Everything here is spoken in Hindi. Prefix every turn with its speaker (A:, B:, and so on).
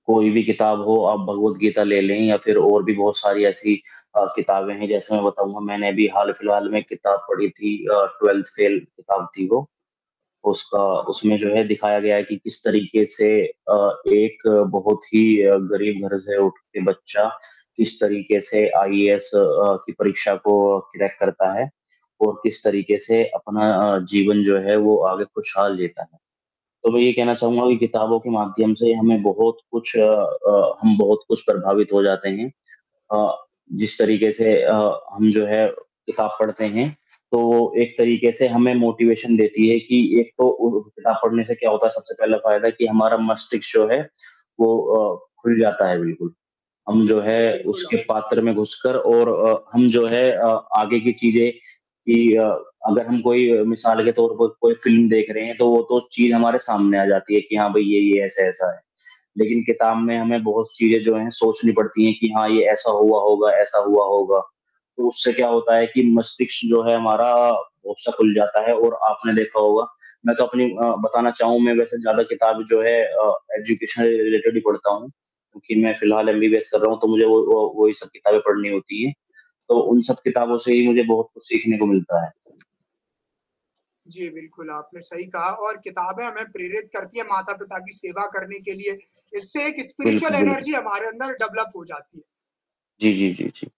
A: कोई भी किताब हो, आप भगवद गीता ले लें या फिर और भी बहुत सारी ऐसी अ, किताबें हैं, जैसे मैं बताऊँगा, मैंने भी हाल-फिलहाल में किताब पढ़ी थी अ, ट्वेल्थ फेल, किताब थी वो, उसका
B: हाँ, हाँ।
A: उसमें जो है दिखाया गया है कि किस तरीके से अ, एक बहुत ही अ, गरीब घर से उठ के बच्चा, किस तरीके से आईएएस अ, की परीक्षा को क्रैक करता है और किस तरीके से अपना अ, जीवन जो है वो आगे खुशहाल जीता है, तो मैं ये ही कहना चाहूँगा कि किताबों के माध्यम से हमें बहुत कुछ अ, हम बहुत कुछ प्रभावित हो जाते हैं अ, जिस तरीके से अ, हम जो है किताब पढ़ते हैं तो वो एक तरीके से हमें मोटिवेशन देती है कि एक तो उ किताब पढ़ने से क्या होता है, सबसे पहला फ़ायदा कि हमारा मस्तिष्क जो है वो अ, खुल जाता है बिल्कुल, हम जो है
B: जी, बिल्कुल
A: उसके
B: आवश्यक
A: पात्र में घुसकर और अ, हम जो है अ, आगे की चीज़ें कि अ, अगर हम कोई अ, मिसाल के तौर पर कोई फ़िल्म देख रहे हैं, तो वो तो चीज़ हमारे सामने आ जाती है कि, हाँ भई, ये-ये ऐसा-ऐसा है, लेकिन किताब में हमें बहुत चीज़ें जो हैं सोचनी पड़ती हैं कि, "हाँ, ये ऐसा हुआ होगा, ऐसा हुआ होगा।" तो उससे क्या होता है कि मस्तिष्क जो है हमारा अक्सर खुल जाता है और आपने देखा होगा मैं तो अपनी अ, बताना चाहूँ मैं वैसे ज़्यादा किताब जो है अ, एजुकेशन रिलेटेड ही पढ़ता हूँ क्योंकि मैं फ़िलहाल एमबीबीएस कर रहा हूँ तो मुझे वो वो वो ही सब किताबें पढ़नी होती हैं, तो उन सब किताबों से ही मुझे बहुत कुछ सीखने को मिलता है।
B: जी बिल्कुल, आपने सही कहा और किताबें हमें प्रेरित करती हैं, माता-पिता की सेवा करने के लिए। इससे एक स्पिरिचुअल
A: बिल्कुल, बिल्कुल।
B: एनर्जी हमारे अंदर डेवलप हो जाती है।
A: जी, जी, जी, जी।